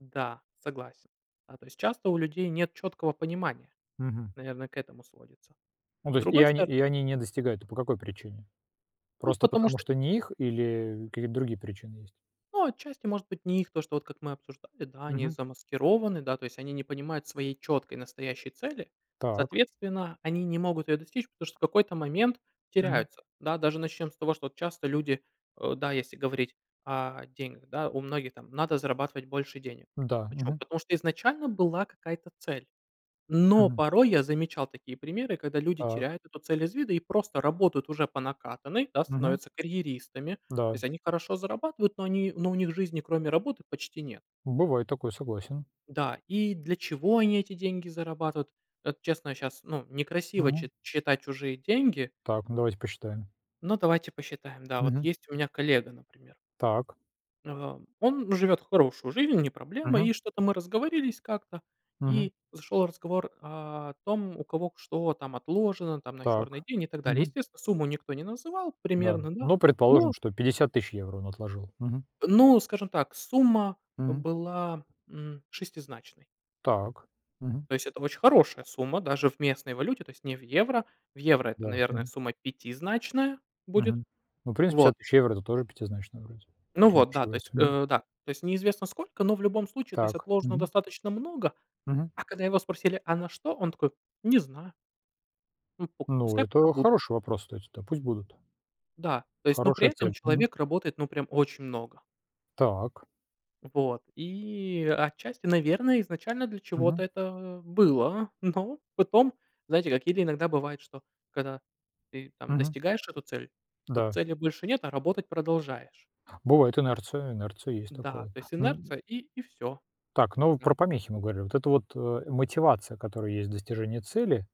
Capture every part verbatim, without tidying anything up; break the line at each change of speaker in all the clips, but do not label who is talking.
Н-да, согласен. А то есть, часто у людей нет чёткого понимания.
Мгм.
Наверное, к этому сводится.
Ну, то
С
есть, и
другой
они
стор
и они не достигают, т по какой причине?
Ну,
Просто
потому
потому,
что
что не их или какие-то другие причины есть?
Ну, отчасти может быть не их то, что вот как мы обсуждали, да, они
Мгм.
замаскированы, да, то есть они не понимают своей чёткой настоящей цели.
Так.
Соответственно, они не могут её достичь, потому что в какой-то момент
Мгм.
теряются. Да, даже начнём с того, что вот часто люди, э, да, если говорить о деньгах, да, у многих там: "Надо зарабатывать больше денег".
М-да.
Почему?
Мгм.
Потому что изначально была какая-то цель. Но
Мгм.
порой я замечал такие примеры, когда люди
Так.
теряют эту цель из вида и просто работают уже по накатанной, да,
Мгм.
становятся карьеристами. То
Да.
есть, они хорошо зарабатывают, но они но у них жизни кроме работы почти нет.
Бывает такое, согласен.
Да, и для чего они эти деньги зарабатывают? Это честно, я щас ну некрасиво
Мгм.
чит считать чужие деньги
Так, ну давайте посчитаем.
но давайте посчитаем. Да, вот
Мгм.
есть у меня коллега, например.
Так.
Ам, он живет хорошую жизнь, не проблема.
Мгм.
И что-то мы разговорились как-то,
Мгм.
и зашел разговор о том, у кого к что там отложено там на черный
Так.
день и так далее.
Мгм.
Естественно, сумму никто не называл
Да.
примерно да,
Ну,
но
предположим, что пятьдесят тысяч евро он отложил. Мгм.
ну скажем так, сумма, э,
Мгм.
была, м, шестизначной.
Так. Мгм.
То есть это очень хорошая сумма даже в местной валюте, то есть не в евро. В евро это,
Да.
наверное,
Мгм.
сумма пятизначная будет.
Мгм. Ну, в принципе,
Вот.
пятьдесят тысяч евро это тоже пятизначная, вроде,
Ну
если я не
вот, да, то есть,
ошибаюсь. Мгм.
э, да, то есть неизвестно сколько, но в любом случае то есть
Так.
отложено
Мгм.
достаточно много.
Мгм.
А когда его спросили, а на что? Он такой: "Не знаю". Ну, пок
Ну,
пускай пока
это
будут.
хороший вопрос. То есть, та пусть будут.
Да, то есть, но при
Хорошая
этом
цель. Мгм.
человек работает, ну, прям очень много.
Так.
Вот, и отчасти, наверное, изначально для чего-то
Мгм.
это, а, было, но потом, знаете как Или иногда бывает, что когда ты там
Мгм.
достигаешь эту цель, то
Да.
цели больше нет, а работать продолжаешь.
Бывает инерция, инерция есть
Да,
такое,
то есть,
н
инерция и и всё.
Так, ну, вы
Да.
про помехи мы говорили. Вот эта вот, э, мотивация, которая есть в достижении цели,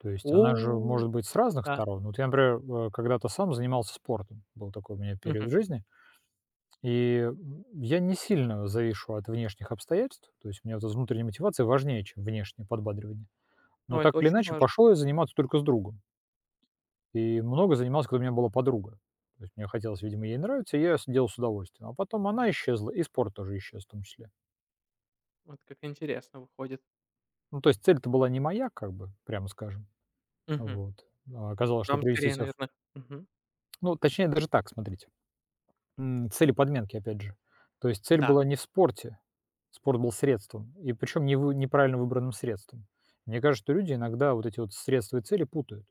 то
О,
есть она же
у,
может быть с разных
да.
сторон. Вот я, например, в когда-то сам занимался спортом. Был такой у меня период
Мгм.
в жизни. И, м, я не сильно завишу от внешних обстоятельств, то есть у меня эта внутренняя мотивация важнее, чем внешнее подбадривание.
Ну
Но так
это
или
очень
иначе,
важно.
пошёл я заниматься только с другом. И много занимался, когда у меня была подруга. То есть мне хотелось, видимо, ей нравиться, и я сидел с удовольствием, а потом она исчезла и спорт тоже исчез в том числе.
Вот как интересно выходит.
Ну то есть цель-то была не моя, как бы прямо скажем.
Мгм.
Вот, а оказалось, что
Вам
привести
скорее
себя в
наверно Мгм.
Ну, точнее даже так, смотрите. М, цели подменки опять же. То есть цель
Да.
была не в спорте, спорт был средством и причём не вы неправильно выбранным средством. Мне кажется, что люди иногда вот эти вот средства и цели путают.